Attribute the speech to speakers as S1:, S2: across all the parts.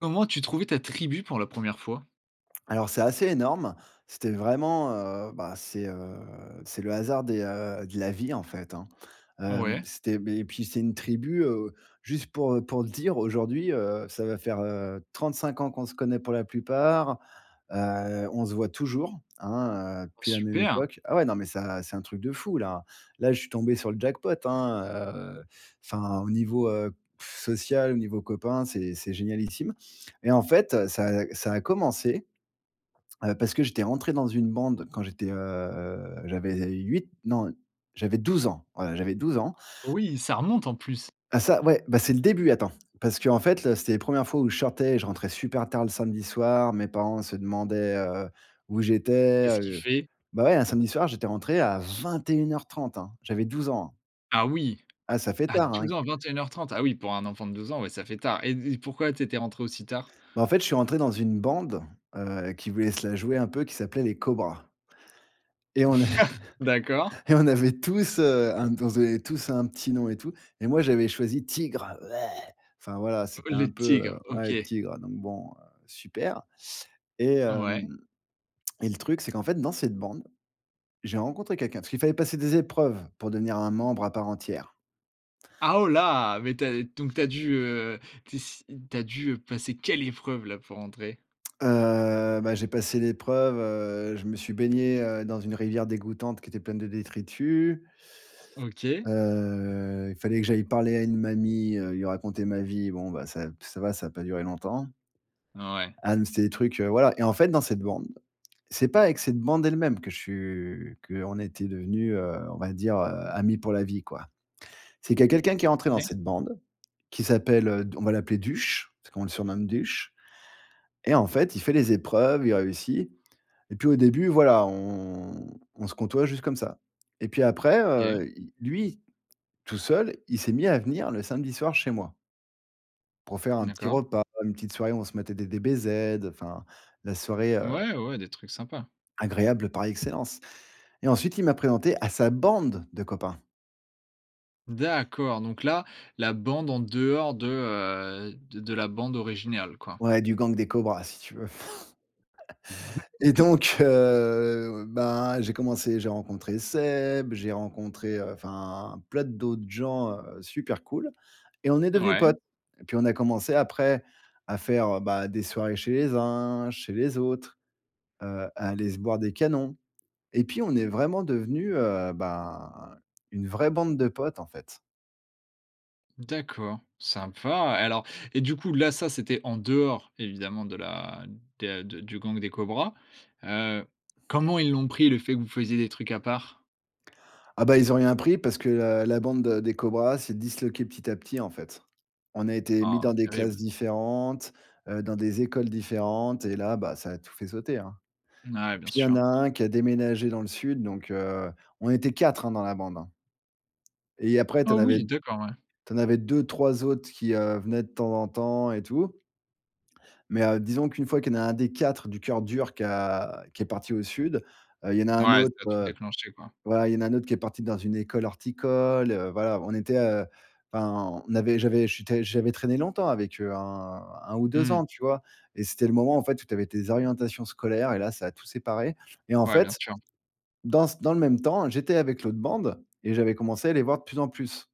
S1: Comment as-tu trouvé ta tribu pour la 1re fois?
S2: Alors c'est assez énorme. C'était vraiment, heu, ben c'est, heu, c'est le hasard des, heu, de la vie en fait, hein. Hem,
S1: Ouais.
S2: c'était, beh, et puis c'est une tribu, heu, juste pour, heu, pour te dire aujourd'hui, heu, ça va faire, heu, 35 ans qu'on se connaît pour la plupart. Heu, on se voit toujours, hein, heu,
S1: Oh
S2: depuis la même
S1: super!
S2: époque. Ah ouais, non, mais ça, c'est un truc de fou là. Là, je suis tombé sur le jackpot, hein, heu, enfin, au niveau, heu, social, au niveau copain, c'est c'est génialissime, et en fait, ça a ça a commencé, heu, parce que j'étais rentré dans une bande quand j'étais, heu, j'avais 8 non, j'avais 12 ans, voilà j'avais 12 ans.
S1: Oui, ça remonte en plus.
S2: Ah ça, ouais, ben c'est le début, attends, parce qu'en fait, là c'était les 1res fois où je sortais et je rentrais super tard le samedi soir. Mes parents se demandaient, heu, où j'étais,
S1: Qu'est-ce qu'il
S2: heu.
S1: fait?
S2: Bah, ouais, un samedi soir, j'étais rentré à 21:30 hein. J'avais 12 ans, hein.
S1: Ah oui!
S2: Ah ça fait
S1: À
S2: tard hein
S1: 12
S2: et
S1: ans, 21:30. Ah oui, pour un enfant de 12 ans, ouais, ça fait tard, et d pourquoi tu étais rentré aussi tard?
S2: Bah en fait, je suis rentré dans une bande, heu, qui voulait se la jouer un peu, qui s'appelait les cobras. Et on avait
S1: D'accord.
S2: et on avait tous heu, un on se donnait tous un petit nom et tout, et moi, j'avais choisi tigre,. Enfin voilà,
S1: Oh
S2: c'était un
S1: les
S2: peu, heu,
S1: tigres,
S2: ouais,
S1: OK.
S2: tigre, donc bon, heu, super, et
S1: Ouais.
S2: hem, et le truc, c'est qu'en fait, dans cette bande, j'ai rencontré quelqu'un, parce qu'il fallait passer des épreuves pour devenir un membre à part entière.
S1: Ah oh là mais tu as, donc tu as dû, heu, tu es s tu as dû, heu, passer quelle épreuve là pour entrer?
S2: Heu, bah, j'ai passé l'épreuve, heu, je me suis baigné, heu, dans une rivière dégoûtante qui était pleine de détritus.
S1: OK.
S2: Heu, il fallait que j'aille parler à une mamie, heu, lui raconter ma vie, bon bah, ça p ça va, ça a pas duré longtemps.
S1: Ouais.
S2: Ah mais c'était des trucs, heu, voilà, et en fait dans cette bande, c'est pas avec cette bande elle-même que je su qu'on était devenus, heu, on va dire, heu, amis pour la vie quoi. C'est qu'il y a quelqu'un qui est rentré dans
S1: [unintelligible]
S2: cette bande, qui s'appelle, heu, d on va l'appeler Duch, parce qu'on le surnomme Duch, et en fait, il fait les épreuves, il réussit, et puis, au début, voilà, on on se côtoie juste comme ça, et puis après,
S1: OK.
S2: heu, il lui, tout seul, il s'est mis à venir le samedi soir chez moi pour faire un petit
S1: D'accord.
S2: repas, une petite soirée où on se matait des DBZ, heu, enfin la soirée, heu
S1: Ouais, ouais, ouais, des trucs sympas.
S2: agréable par excellence, et ensuite, il m'a présenté à sa bande de copains.
S1: D'accord, donc là, la bande en dehors de, heu de de la bande originale quoi?
S2: Ouais, du gang des cobras, si tu veux.
S1: Mmh
S2: Et donc, heu, ben, j'ai commencé, j'ai rencontré Seb, j'ai rencontré, heu, enfin, plein d d'autes gens, heu, super cool! Et on est devenus
S1: Ouais.
S2: potes. Et puis on a commencé après à faire, heu, bah, des soirées chez les uns, chez les autres, heu, à aller se boire des canons. Et puis on est
S1: [unintelligible]
S2: vraiment devenus, heu, ben, une vraie bande de potes, en fait.
S1: D'accord, sympa! Et alors, et du coup, là, ça, c'était en dehors, évidemment de la de de du gang des cobras. Heu, comment ils l'ont pris le fait que vous faisiez des trucs à part?
S2: Ah, bah, ils ont rien pris, parce que la la bande, heu, des cobras s'est disloquée petit à petit, en fait. On a été mis
S1: Oh,
S2: dans des classes
S1: terrible!
S2: différentes, heu, dans des écoles différentes. Et là, bah, ça a tout fait sauter, hein. Et
S1: Mouais. Bien
S2: puis, il y en
S1: sûr.
S2: a un qui a déménagé dans le sud, donc, heu, on était 4, hein, dans la bande, hein. Et après tu
S1: Oh
S2: en avais
S1: oui! D'accord. Ouais.
S2: tu en avais 2-3 autres qui, heu, venaient de temps en temps et tout. Mais, heu, disons qu'une fois qu'il y en a 1 des 4 du coeur dur qui a qui est parti au sud, heu, il y en a un
S1: Ouais, ça
S2: autre,
S1: a tout
S2: heu
S1: déclenché, quoi.
S2: voilà, il y en a un autre qui est parti dans une école horticole, heu. Voilà, on était heu enfin, on avait j'avais j'étais j'avais traîné longtemps avec eux, hein, heu, 1 ou 2
S1: Mmh.
S2: ans, tu vois? Et c'était le moment en fait, où tu avais tes orientations scolaires et là, ça a tout séparé. Et en
S1: Ouais, bien
S2: fait,
S1: sûr.
S2: dans c dans le même temps, j'étais avec l'autre bande et j'avais commencé à les voir de plus en plus.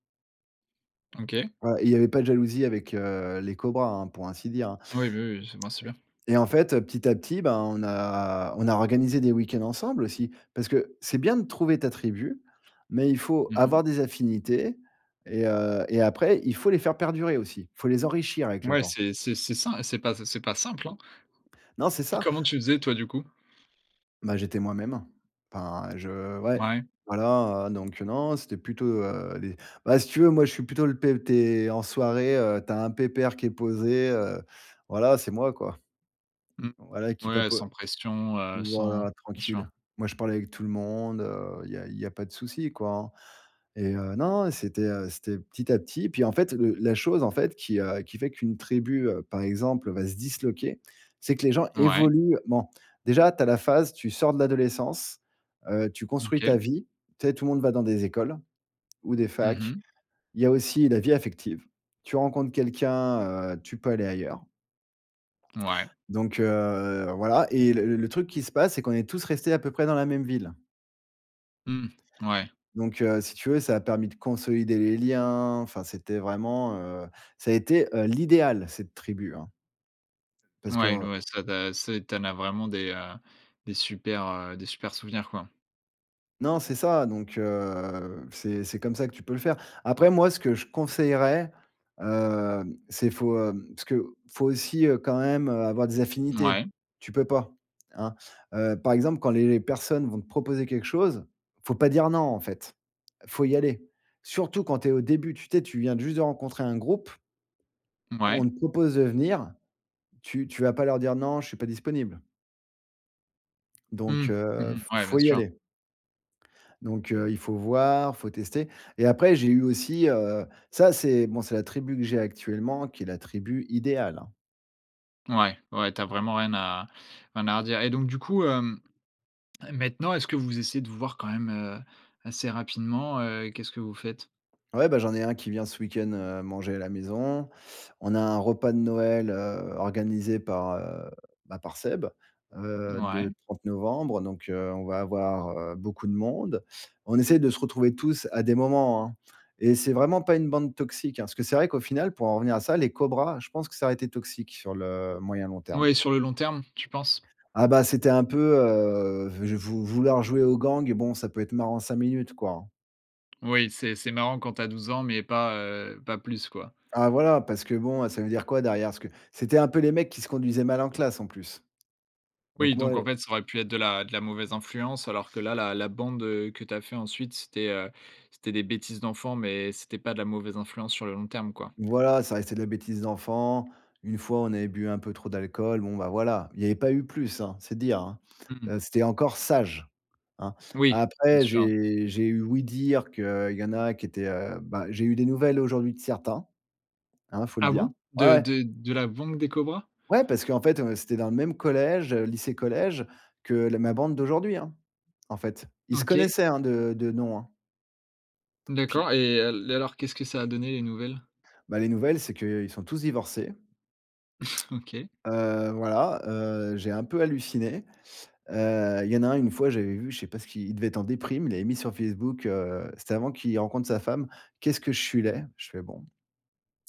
S1: OK.
S2: Ouais et il y avait pas de jalousie avec, heu, les cobras, hein, pour ainsi dire, hein.
S1: Oui, bah oui, ben, c'est bien.
S2: Et en fait, heu, petit à petit, bah, on a on a organisé des week-ends ensemble, aussi. Parce que, c'est bien de trouver ta tribu, mais il faut
S1: Mmh mh.
S2: avoir des affinités et heu et après, il faut les faire perdurer aussi. Faut les enrichir avec le
S1: Ouais,
S2: temps.
S1: c'est c'est c'est ça, c'est pas sim c'est pas simple, hein.
S2: Non, c'est ça.
S1: Comment tu faisais toi, du coup?
S2: Bah, j'étais moi-même. Enfin, je ouais,
S1: Mouais.
S2: voilà, heu, donc, heu, non, c'était plutôt, heu, les bah si tu veux, moi, je suis plutôt le p tu es en soirée, heu, tu as un pépère qui est posé, heu. Voilà, c'est moi, quoi.
S1: Mmh.
S2: Voilà qui,
S1: Ouais,
S2: papo
S1: sans pression, heu, sans
S2: voilà,
S1: bien sûr.
S2: tranquille. Moi, je parle avec tout le monde, heu, il y a il y a pas de souci, quoi, hein. Et heu, non, non, c'était, heu, c'était petit à petit. Et puis en fait, le la chose, en fait, qui, heu, qui fait qu'une tribu, heu, par exemple, va se disloquer. C'est que les gens
S1: Ouais.
S2: évoluent. Ment. Déjà, tu as la phase, tu sors de l'adolescence, heu, tu construis
S1: OK.
S2: ta vie, tu sais, tout le monde va dans des écoles, ou des
S1: Mmh
S2: facs.
S1: mh.
S2: Il y a aussi la vie affective. Tu rencontres quelqu'un, heu, tu peux aller ailleurs.
S1: Ouais.
S2: Donc, heu, voilà. Et, le le truc qui se passe, c'est qu'on est tous restés à peu près dans la même ville.
S1: Mmh.
S2: D
S1: Ouais.
S2: donc, heu, si tu veux ça a permis de consolider les liens, enfin c'était vraiment, heu, ça a été, heu, l'idéal cette tribu, hein parce que,
S1: Ouais, n
S2: heu
S1: ouais, ça d'a c'est, tu en a vraiment des, heu, des supers, heu, des supers souvenirs quoi?
S2: Non, c'est ça! Donc, heu, c'est c'est comme ça que tu peux le faire. Après, moi, ce que je conseillerais, hem, c'est faut hem, parce que, faut aussi, heu, quand même, heu, avoir des affinités.
S1: Mouais.
S2: Tu peux pas, hein, heu, par exemple, quand les les personnes vont te proposer quelque chose, il faut pas dire non en fait. Faut y aller! Surtout quand tu es au début, tu tu es, tu viens de juste de rencontrer un groupe on
S1: Mouais.
S2: te propose de venir. Tu tu vas pas leur dire: «Non, je suis pas disponible» donc,
S1: Mmh. Mmh
S2: heu,
S1: mh.
S2: f
S1: Ouais, bien
S2: faut y
S1: sûr.
S2: aller donc, heu, il faut voir, faut tester et après, j'ai eu aussi, heu ça, c'est, bon c'est la tribu que j'ai actuellement qui est la tribu idéale, hein.
S1: Ouais, ouais. Tu as vraiment rien à rien à redire et donc, du coup, hem, maintenant, est-ce que vous essayez de vous voir quand même, heu, assez rapidement, heu, qu'est-ce que vous faites?
S2: Ouais, ben, j'en ai un qui vient ce week-end, heu, manger à la maison. On a un repas de Noël, heu, organisé par, heu, bah, par Seb. Heu,
S1: Mouais.
S2: le 30 novembre, donc, heu, on va avoir, heu, beaucoup de monde. On essaie de se retrouver tous à des moments, hein. Et c'est vraiment pas une bande toxique, hein. Parce que c'est vrai qu'au final pour en revenir à ça, les cobras, je pense que ça aurait été toxique sur le moyen, long terme.
S1: Oui sur le long terme, tu penses?
S2: Ah, ben, c'était un peu heu v je vou vouloir jouer au gang, bon, ça peut être marrant 5 minutes quoi hein.
S1: Oui, c'est c'est marrant quand tu as 12 ans, mais pas, heu pas plus quoi.
S2: Ah voilà, parce que bon, heu, ça veut dire quoi derrière? Parce que, c'était un peu les mecs qui se conduisaient mal en classe, en plus. Donc
S1: Oui,
S2: moi,
S1: donc en
S2: heu
S1: fait, ça aurait pu être de la de la mauvaise influence, alors que là, la bande, heu, que tu as fait ensuite, c'était, heu c'était des bêtises d'enfants, mais c'était pas de la mauvaise influence sur le long terme, quoi.
S2: Voilà, ça restait de la bêtise d'enfants. Une fois, on avait bu un peu trop d'alcool, bon, bah, voilà, il y avait pas eu plus, hein, c'est dire hein!
S1: Mmh mh.
S2: Heu, c'était encore sage, hein!
S1: Oui, bien
S2: Après
S1: sûr.
S2: j'ai j'ai eu ouï-dire qu'il y en a qui étaient, heu, bah j'ai eu des nouvelles aujourd'hui de certains. Hein, faut le
S1: Ah
S2: dire.
S1: bon?
S2: Ouais,
S1: De
S2: ouais.
S1: de de la bande des Cobras?
S2: Ouais, parce qu'en fait, heu, c'était dans le même collège lycée-collège, que la ma bande d'aujourd'hui, hein. En fait, ils se
S1: OK.
S2: connaissaient, hein, de de nom, hein. Puis
S1: D'accord et, heu, l et alors qu'est-ce que ça a donné, les nouvelles?
S2: Bah, les nouvelles, c'est qu'ils sont tous divorcés.
S1: OK.
S2: Heu, voilà, heu, j'ai un peu halluciné. Heu, il y en a un, une fois, j'avais vu, je sais pas ce qu'il il devait être en déprime, il avait mis sur Facebook, heu c'était avant qu'il rencontre sa femme: «Qu'est-ce que je suis laid». Je fais: «Bon».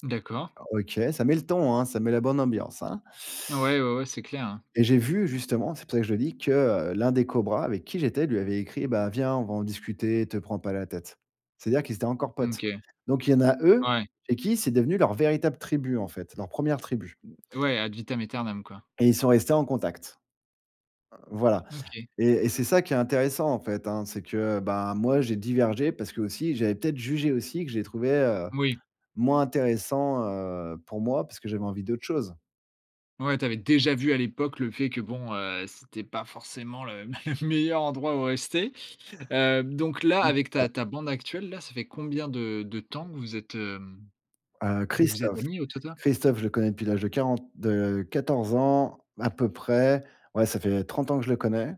S1: D'accord.
S2: Ah OK, ça met le ton, hein, ça met la bonne ambiance, hein.
S1: Ouais, ouais ouais, c'est clair, hein.
S2: Et j'ai vu, justement- c'est pour ça que je le dis- que, heu, l'un des Cobras avec qui j'étais, lui avait écrit: «Bah viens, on va en discuter, te prends pas la tête». c'est-à-dire qu'ils étaient encore
S1: OK,
S2: potes. Donc il y en a eux,
S1: ouais.
S2: chez qui, c'est devenu leur véritable tribu en fait, leur 1ère tribu.
S1: Ouais ad vitam aeternam, quoi.
S2: Et ils sont restés en contact. Heu, voilà.
S1: OK.
S2: Et et c'est ça qui est intéressant, en fait, hein. C'est que, heu, bah moi j'ai divergé, parce que, aussi, j'avais peut-être jugé aussi, que je les trouvais, heu,
S1: Moui.
S2: moins intéressants, heu, pour moi, parce que j'avais envie d'autre chose.
S1: Ouais, tu avais déjà vu à l'époque le fait que bon, heu, c'était pas forcément le m le meilleur endroit où rester. Heu, donc là,
S2: Oui c'est
S1: avec
S2: ça.
S1: ta ta bande actuelle, là, ça fait combien de de temps que vous êtes, hem,
S2: Heu,
S1: vous êtes
S2: Christophe.
S1: amis au total?
S2: Christophe, je le connais depuis l'âge de 40 de 14 ans à peu près. Ouais, ça fait 30 ans que je le connais.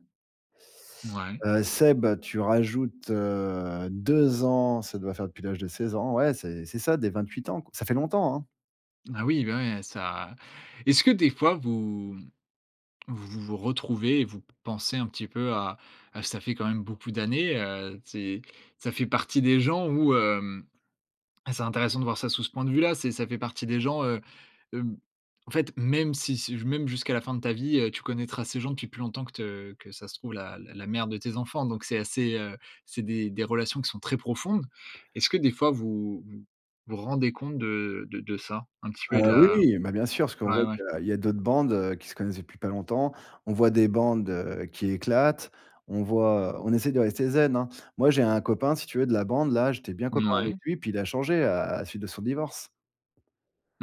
S1: Mouais.
S2: Heu, Seb, tu rajoutes heu, 2 ans, ça doit faire depuis l'âge de 16 ans. Ouais, c'est c'est ça, des 28 ans, ça fait longtemps, hein.
S1: Ah oui, ben ouais, ça est-ce que des fois vous, mmh, vous vous retrouvez et vous p pensez un petit peu à à ça fait quand même beaucoup d'années, heu, ces, ça fait partie des gens où, hem, c'est intéressant de voir ça sous ce point de vue là, c'est, ça fait partie des gens, heu, hem, en fait même si si j même jusqu'à la fin de ta vie, heu, tu connaîtras ces gens depuis plus longtemps que te, que ça se trouve la la la mère de tes enfants, donc c'est assez, heu, c'est des des relations qui sont très profondes. Est-ce que des fois vous vous vous rendez compte de de de ça? Un petit peu et de
S2: Heu, oui
S1: la
S2: oui, bah bien sûr, parce qu'on
S1: ouais,
S2: voit
S1: ouais.
S2: qu'il y a d'autres bandes, heu, qui se connaissent depuis pas longtemps. On voit des bandes, heu, qui éclatent, on voit, on essaie de rester zen, hein. Moi, j'ai un copain, si tu veux, de la bande là, j'étais bien copain avec
S1: Mouais.
S2: lui, puis il a changé à à la suite de son divorce.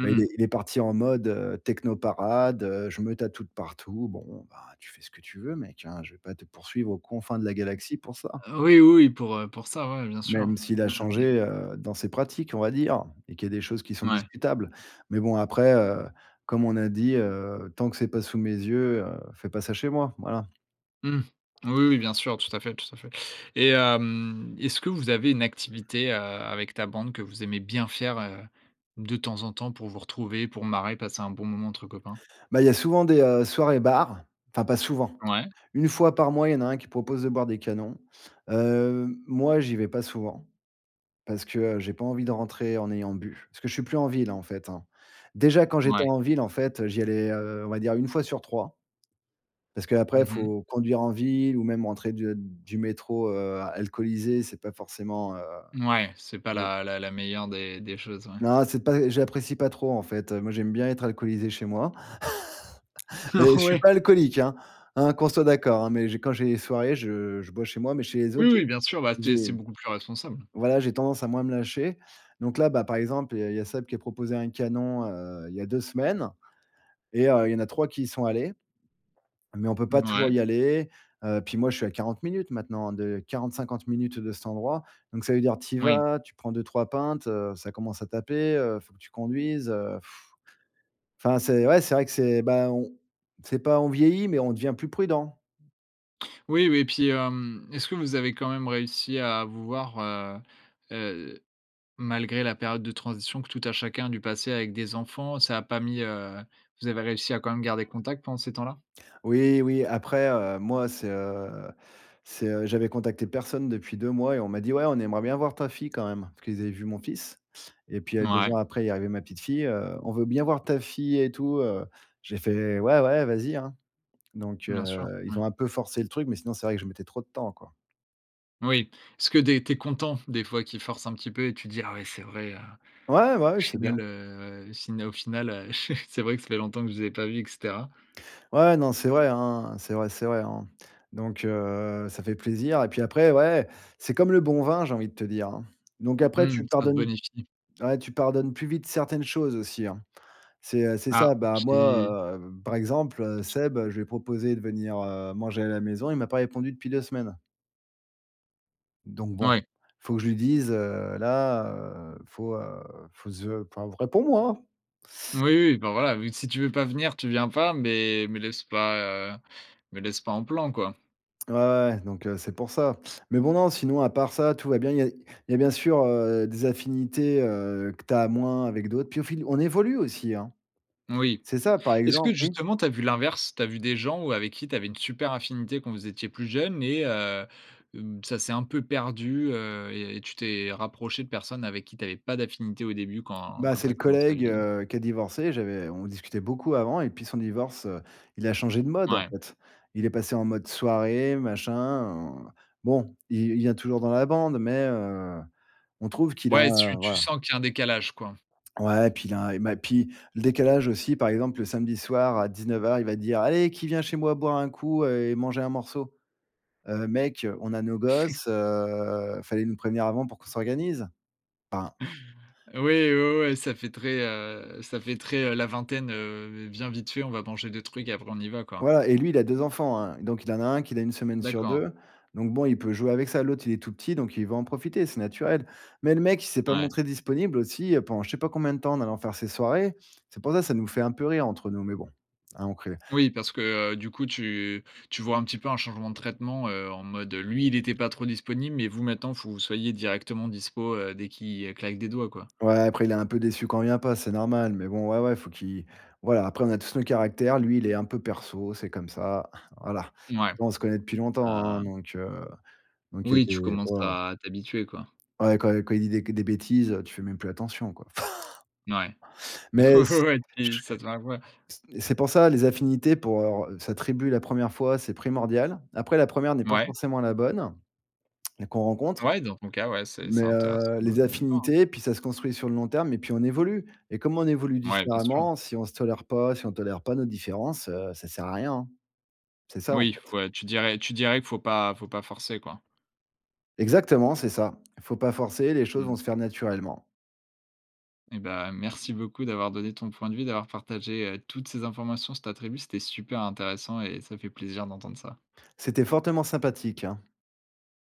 S2: Bah il est il est parti en mode, heu, techno parade, heu, je me tatoue de partout. Bon, ben, tu fais ce que tu veux, mec, hein, je vais pas te poursuivre aux confins de la galaxie pour ça.
S1: Heu, oui, oui, oui, pour, heu, pour ça ouais bien sûr.
S2: Même s'il a
S1: Ouais, mais heu
S2: changé, heu, dans ses pratiques, on va dire, et qu'il y a des choses qui sont
S1: Mouais.
S2: discutables, mais bon après, heu, comme on a dit, heu, tant que c'est pas sous mes yeux, heu, fais pas ça chez moi, voilà.
S1: Mmh. Oui, oui, bien sûr, tout à fait, tout à fait, et hem, est-ce que vous avez une activité, heu, avec ta bande que vous aimez bien faire, heu, de temps en temps pour vous retrouver, pour marrer, passer un bon moment entre copains?
S2: Bah il y a souvent des, heu, soirées bar, enfin pas souvent.
S1: Ouais.
S2: 1 fois par mois, il y en a un qui propose de boire des canons. Heu, moi, j'y vais pas souvent, parce que, heu, j'ai pas envie de rentrer en ayant bu. Parce que je suis plus en ville hein, en fait, hein. Déjà quand j'étais
S1: Ouais.
S2: en ville, en fait, heu, j'y allais, heu, on va dire 1 fois sur 3 parce qu'après,
S1: Mmh mh.
S2: faut conduire en ville ou même rentrer de du métro, heu, alcoolisé. C'est pas forcément, heu,
S1: Mouais, c'est pas
S2: mon
S1: la la la meilleure des des choses. Ouais.
S2: Non, c'est pas j'apprécie pas trop. En fait, heu, moi, j'aime bien être alcoolisé chez moi
S1: Oh
S2: mais je suis
S1: ouais!
S2: pas alcoolique, hein! Hein qu'on soit d'accord, hein, mais j'ai quand j'ai des soirées, je je bois chez moi, mais chez les
S1: Oui,
S2: autres, j'ai
S1: oui bien sûr, bah, c'est
S2: j'ai
S1: c'est beaucoup plus responsable.
S2: voilà, j'ai tendance à moins me lâcher, donc là, bah, par exemple, il y a il y a Seb qui a proposé un canon, heu, il y a 2 semaines, et heu, il y en a 3 qui y sont allés, mais on peut pas toujours
S1: Mouais.
S2: y aller. Heu, puis moi, je suis à 40 minutes maintenant hein de 40-50 minutes de cet endroit, donc ça veut dire tu y
S1: Oui.
S2: vas, tu prends 2-3 pintes, heu, ça commence à taper, heu, il faut que tu conduises. Heu,! Enfin, c'est ouais, c'est vrai que c'est, ben on c'est pas on vieillit, mais on devient plus prudent.
S1: Oui, oui et puis, hem, est-ce que vous avez quand même réussi à vous voir, heu, heu, malgré la période de transition que tout a chacun a dû passer avec des enfants? Ça a pas mis, heu, vous avez réussi à quand même garder contact pendant ces temps-là?
S2: Oui, oui, après, heu, moi, c'est, heu, c'est, heu j'avais contacté personne depuis 2 mois et on m'a dit: «Ouais, on aimerait bien voir ta fille quand même». Parce qu'ils avaient vu mon fils et puis, heu, 2
S1: Ouais.
S2: ans après, il est arrivé ma petite fille. Heu: «On veut bien voir ta fille et tout, heu». J'ai fait: «Ouais, ouais, vas-y, hein». Donc,
S1: Bien sûr,
S2: heu, ils
S1: ouais.
S2: ont un peu forcé le truc, mais sinon c'est vrai que je mettais trop de temps, quoi.
S1: Oui. Est-ce que des tu es content des fois qu'il force un petit peu, et tu dis: «Ah ouais c'est vrai, heu,
S2: Ouais, bah
S1: au
S2: ouais, c'est bien.
S1: final heu fina au final, heu, ch c'est vrai que ça fait longtemps que je les ai pas vu et cetera».
S2: Ouais, non, c'est vrai, hein. C'est vrai, c'est vrai, hein. Donc, heu, ça fait plaisir et puis après ouais, c'est comme le bon vin, j'ai envie de te dire hein. Donc après
S1: Mmh,
S2: tu
S1: ça se
S2: pardonnes
S1: bonifie.
S2: ouais tu pardonnes plus vite certaines choses aussi, hein. C'est, heu, c'est
S1: Ah,
S2: ça. Bah
S1: tu dis
S2: moi, heu, par exemple, heu,
S1: [unintelligible]
S2: Seb, je lui ai proposé de venir, heu, manger à la maison, il m'a pas répondu depuis 2 semaines donc, bon.
S1: Ouais.
S2: Faut que je lui dise, heu, là, heu, faut, heu, faut ze, poiv réponds-moi!
S1: Oui, oui, bah, voilà vu que si tu veux pas venir, tu viens pas, mais me laisse pas, heu, me laisse pas en plan, quoi.
S2: Ouais, ouais, donc, heu, c'est pour ça. Mais bon, non, sinon, à part ça, tout va bien. Il y a il y a bien sûr, heu, des affinités, heu, que tu as moins avec d'autres, puis au fil on évolue aussi, hein.
S1: Oui.
S2: C'est ça, par
S1: Est-ce
S2: exem
S1: que
S2: mmh.
S1: justement tu as vu l'inverse? Tu as vu des gens où avec qui tu avais une super affinité quand vous étiez plus jeunes et heu, mmh, ça s'est un peu perdu, heu et et tu t'es rapproché de personnes avec qui tu avais pas d'affinité au début quand
S2: Bah,
S1: quand
S2: c'est
S1: tu as
S2: le
S1: commencé à
S2: collègue,
S1: vieillir?
S2: heu, qui a divorcé, j'avais on discutait beaucoup avant et depuis son divorce, heu, il a changé de mode, en
S1: Ouais.
S2: fait. Il est passé en mode soirée machin, en bon, il il vient toujours dans la bande, mais, heu, on trouve qu'il a
S1: Ouais, tu tu
S2: voilà.
S1: sens qu'il y a un décalage, quoi.
S2: Ouais, puis il a un, et ma puis le décalage aussi par exemple le samedi soir à 19:00 il va dire: «Allez qui vient chez moi boire un coup, heu, et manger un morceau?» heu, mec, on a nos gosses heu fallait nous prévenir avant pour qu'on s'organise, enfin
S1: Oui, oui, oui, ça fait très, heu, ça fait très, heu, la vingtaine. Heu, viens vite fait, on va manger des trucs après, on y va, quoi.
S2: Ouais et lui il a 2 enfants, hein, donc il en a 1 qu'il a 1 semaine sur
S1: D'accord.
S2: 2. Donc bon, il peut jouer avec ça. L'autre il est tout petit, donc il veut en profiter, c'est naturel. Mais le mec, il s'est pas
S1: Ouais.
S2: montré disponible aussi, heu, pendant je sais pas combien de temps, en allant faire ses soirées. C'est pour ça, ça nous fait un peu rire entre nous, mais bon. [unintelligible]
S1: Oui, parce que, heu, du coup, tu tu vois un petit peu un changement de traitement, heu, en mode, lui, il était pas trop disponible, mais vous maintenant, faut que vous soyez directement dispo, heu, dès qu'il, heu, claque des doigts, quoi.
S2: Ouais après il est un peu déçu quand on vient pas, c'est normal, mais bon, ouais, ouais, faut qu'il voilà, après on a tous nos caractères, lui il est un peu perso, c'est comme ça voilà.
S1: Mouais,
S2: Bon on se connaît depuis longtemps hein,
S1: heu
S2: donc, heu, donc il y a
S1: Oui tu
S2: des.
S1: commences
S2: [unintelligible]
S1: à t'habituer, quoi.
S2: Ouais, quand quand il dit, des c des bêtises, heu, tu fais même plus attention quoi
S1: Ouais.
S2: mais
S1: Ouais,
S2: c
S1: ouais, ouais et puis
S2: ch
S1: ça te va, ouais.
S2: c c'est pour ça, les affinités pour, heu, re sa tribu, la première fois, c'est primordial. Après, la première n'est pas
S1: Mouais.
S2: forcément la bonne et qu'on rencontre,
S1: Ouais, dans ton cas ouais, c'est
S2: mais,
S1: c'est intéressant
S2: heu,
S1: de
S2: les
S1: de voir, hein.
S2: affinités, puis ça se construit sur le long terme et puis on évolue et comme on évolue
S1: Ouais, bien sûr.
S2: différemment, si on se tolère pas, si on tolère pas nos différences, heu, ça sert à rien, hein. C'est ça, en
S1: Oui,
S2: fait.
S1: faut heu, tu dirais tu dirais que faut pas faut pas forcer quoi.
S2: Exactement, c'est ça. Faut pas forcer, les choses
S1: Mmh.
S2: vont se faire naturellement.
S1: Et ben, merci beaucoup d'avoir donné ton point de vue, d'avoir partagé, heu, toutes ces informations sur ta tribu, c'était super intéressant et ça fait plaisir d'entendre ça.
S2: C'était fortement sympathique, hein.